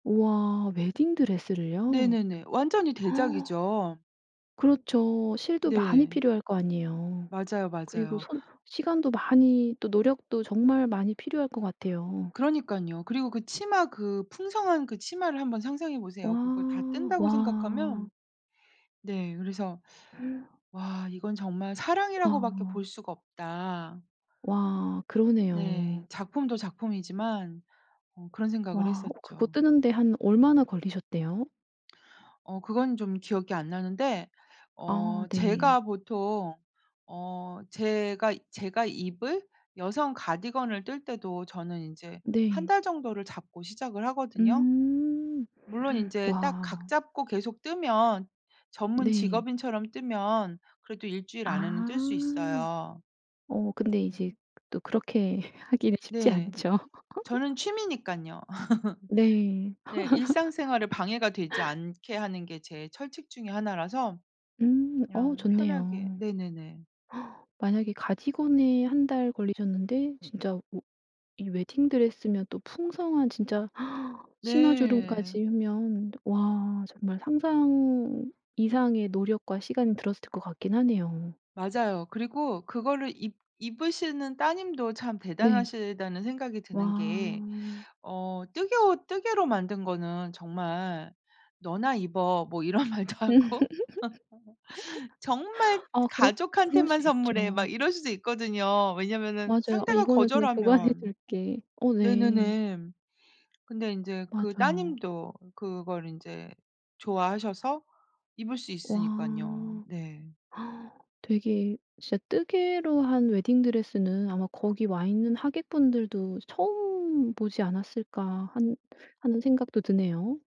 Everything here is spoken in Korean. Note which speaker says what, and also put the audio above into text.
Speaker 1: 우와 웨딩 드레스를요?
Speaker 2: 네네네. 완전히 대작이죠.
Speaker 1: 그렇죠. 실도 많이
Speaker 2: 네.
Speaker 1: 필요할 거 아니에요.
Speaker 2: 맞아요,
Speaker 1: 그리고
Speaker 2: 맞아요.
Speaker 1: 손 시간도 많이 또 노력도 정말 많이 필요할 것 같아요.
Speaker 2: 그러니깐요. 그리고 그 치마 그 풍성한 그 치마를 한번 상상해 보세요,
Speaker 1: 와,
Speaker 2: 그걸 다 뜬다고 생각하면.
Speaker 1: 와.
Speaker 2: 네 그래서 '와 이건 정말 사랑이라고 밖에
Speaker 1: 와.
Speaker 2: 볼 수가 없다.'
Speaker 1: 와
Speaker 2: 네.
Speaker 1: 그러네요.
Speaker 2: 작품도 작품이지만 어 그런 생각을
Speaker 1: 와 그거
Speaker 2: 했었죠.
Speaker 1: 뜨는 데 한 얼마나 걸리셨대요?
Speaker 2: 어 그건 좀 기억이 안 나는데 어
Speaker 1: 아 네.
Speaker 2: 제가 보통 어 제가, 제가 입을 여성 가디건을 뜰 때도 저는 인제 1
Speaker 1: 네.
Speaker 2: 달 정도를 잡고 시작을 하거든요.
Speaker 1: 음.
Speaker 2: 물론 인제 딱 각
Speaker 1: 와.
Speaker 2: 잡고 계속 뜨면 전문
Speaker 1: 네.
Speaker 2: 직업인처럼 뜨면 그래도 1 주일 안에는 뜰 수
Speaker 1: 아.
Speaker 2: 있어요.
Speaker 1: 어 근데 이제 또 그렇게 하기는 쉽지
Speaker 2: 네.
Speaker 1: 않죠.
Speaker 2: 저는 취미니깐요.
Speaker 1: 네.
Speaker 2: 네. 일상생활에 방해가 되지 않게 하는 게 제 철칙 중에 1 라서
Speaker 1: 음. 어
Speaker 2: 그냥 편하게
Speaker 1: 좋네요.
Speaker 2: 네네네.
Speaker 1: 만약에 가디건에 1 달 걸리셨는데 진짜 우 이 웨딩드레스면 또 풍성한 진짜 치마
Speaker 2: 네.
Speaker 1: 주름까지 하면 와 정말 상상 이상의 노력과 시간이 들었을 것 같긴 하네요.
Speaker 2: 맞아요. 그리고 그거를 입 입으시는 따님도 참
Speaker 1: 네.
Speaker 2: 대단하시다는 생각이 드는 게
Speaker 1: 와.
Speaker 2: 어 뜨개옷 뜨개로 만든 거는 정말 "너나 입어." 뭐 이런 말도 하고 정말
Speaker 1: 아 그렇 그럴 수
Speaker 2: "가족한테만 선물해."
Speaker 1: 있죠.
Speaker 2: 막 이럴 수도 있거든요. 왜냐면은
Speaker 1: 맞아요. "어
Speaker 2: 상대가
Speaker 1: 이거는 그냥 보관해
Speaker 2: 거절하면
Speaker 1: 둘게." 어 네.
Speaker 2: 네네네. 근데 인제 그
Speaker 1: 맞아요.
Speaker 2: 따님도 그걸 인제 좋아하셔서 입을 수 있으니깐요.
Speaker 1: 와.
Speaker 2: 네.
Speaker 1: 되게 진짜 뜨개로 한 웨딩드레스는 아마 거기 와있는 하객분들도 처음 보지 않았을까 한 하는 생각도 드네요.